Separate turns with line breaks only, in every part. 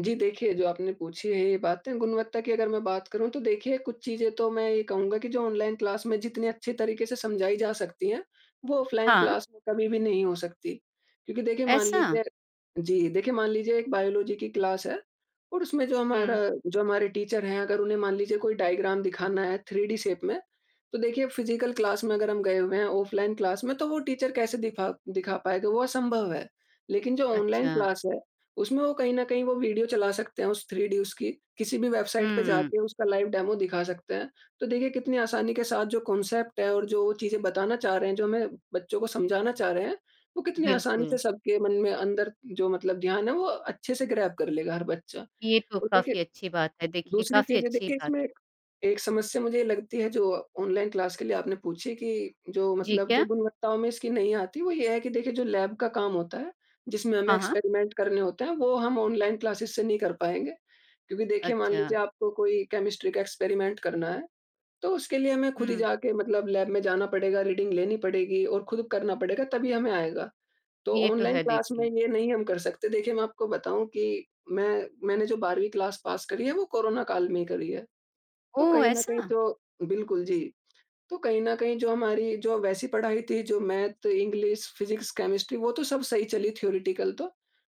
जी देखिए, जो आपने पूछी है ये बातें गुणवत्ता की अगर मैं बात करूँ, तो देखिए कुछ चीज़ें तो मैं ये कहूँगा कि जो ऑनलाइन क्लास में जितनी अच्छी तरीके से समझाई जा सकती है, वो ऑफलाइन
हाँ।
क्लास में कभी भी नहीं हो सकती क्योंकि देखिए मान
ऐसा?
लीजिए जी, देखिए मान लीजिए एक बायोलॉजी की क्लास है और उसमें जो हमारा
हुँ।
जो हमारे टीचर हैं अगर उन्हें मान लीजिए कोई डायग्राम दिखाना है थ्री डी शेप में। तो देखिए फिजिकल क्लास में अगर हम गए हुए हैं, ऑफलाइन क्लास में तो वो टीचर कैसे दिखा दिखा पाएगा वो असंभव है। लेकिन जो ऑनलाइन
अच्छा।
क्लास है, उसमें वो कहीं न कहीं वो वीडियो चला सकते हैं, उस थ्री डी उसकी किसी भी वेबसाइट पे
हुँ।
जाके उसका लाइव डेमो दिखा सकते हैं। तो देखिए कितनी आसानी के साथ जो कांसेप्ट है और जो चीज़ें बताना चाह रहे हैं, जो हमें बच्चों को समझाना चाह रहे हैं, वो कितनी आसानी
बिल्कुल।
से सबके मन में अंदर जो मतलब ध्यान है वो अच्छे से ग्रैब कर लेगा हर बच्चा।
ये तो
तो देखिए,
काफ़ी अच्छी बात है। देखिए,
दूसरी
काफ़ी
चीज़ है
अच्छी
देखिये
बात है।
इसमें एक समस्या मुझे ये लगती है जो ऑनलाइन क्लास के लिए आपने पूछी कि जो
जी,
मतलब जो
क्या?
गुणवत्ताओं में इसकी नहीं आती, वो ये है कि देखिए जो लैब का काम होता है, जिसमें हमें
हाँ, हाँ।
एक्सपेरिमेंट करने होते हैं, वो हम ऑनलाइन क्लासेस से नहीं कर पाएँगे क्योंकि देखिए मान
अच्छा।
लीजिये आपको कोई केमिस्ट्री का एक्सपेरिमेंट करना है, तो उसके लिए हमें खुद ही
हुँ।
जाके मतलब लैब में जाना पड़ेगा, रीडिंग लेनी पड़ेगी और खुद करना पड़ेगा तभी हमें आएगा। तो
ये तो
ऑनलाइन
है
क्लास में
देखिए।
ये नहीं हम कर सकते, देखिये मैं आपको बताऊँ कि मैं मैंने जो 12वीं क्लास पास करी है वो कोरोना काल में ही करी है। तो
ओह!
कहीं न कहीं
ऐसा?
तो बिल्कुल जी, तो कहीं न कहीं जो हमारी जो वैसी पढ़ाई थी जो मैथ, इंग्लिश, फिजिक्स, केमिस्ट्री, वो तो सब सही चली थ्योरेटिकल तो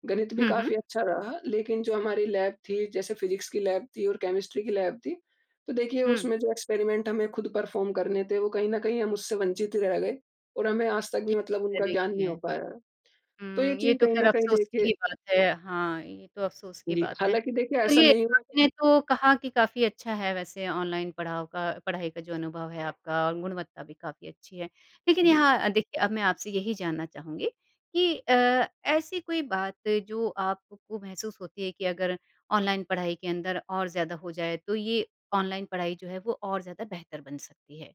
गणित भी
हुँ, हुँ।
काफ़ी अच्छा रहा। लेकिन जो हमारी लैब थी जैसे फिजिक्स की लैब थी और केमिस्ट्री की लैब थी। तो देखिए
हुँ।
उसमें जो एक्सपेरिमेंट हमें खुद परफॉर्म करने थे, वो कहीं न कहीं हम उससे वंचित रह गए और हमें आज तक
ये
भी मतलब
तो है,
उनका ज्ञान नहीं
देखिए।
हो पाया। तो ये
हुँ, ये
चीज़
तो
कहीं
खैर
न कहीं
अफ़सोस की
देखिए
ही बात है हाँ, ये तो अफ़सोस की
जी,
बात है।
हालाँकि देखिये ऐसा
चलिए
नहीं हुआ
आपने
कि
तो कहा कि काफ़ी अच्छा है वैसे ऑनलाइन पढ़ाओ का पढ़ाई का जो अनुभव है आपका और गुणवत्ता भी काफ़ी अच्छी है। लेकिन
जी।
यहाँ देखिए अब मैं आपसे यही जानना चाहूँगी कि अ, ऐसी कोई बात जो आपको महसूस होती है कि अगर ऑनलाइन पढ़ाई के अंदर और ज़्यादा हो जाए, तो ये ऑनलाइन पढ़ाई जो है वो और ज़्यादा बेहतर बन सकती है?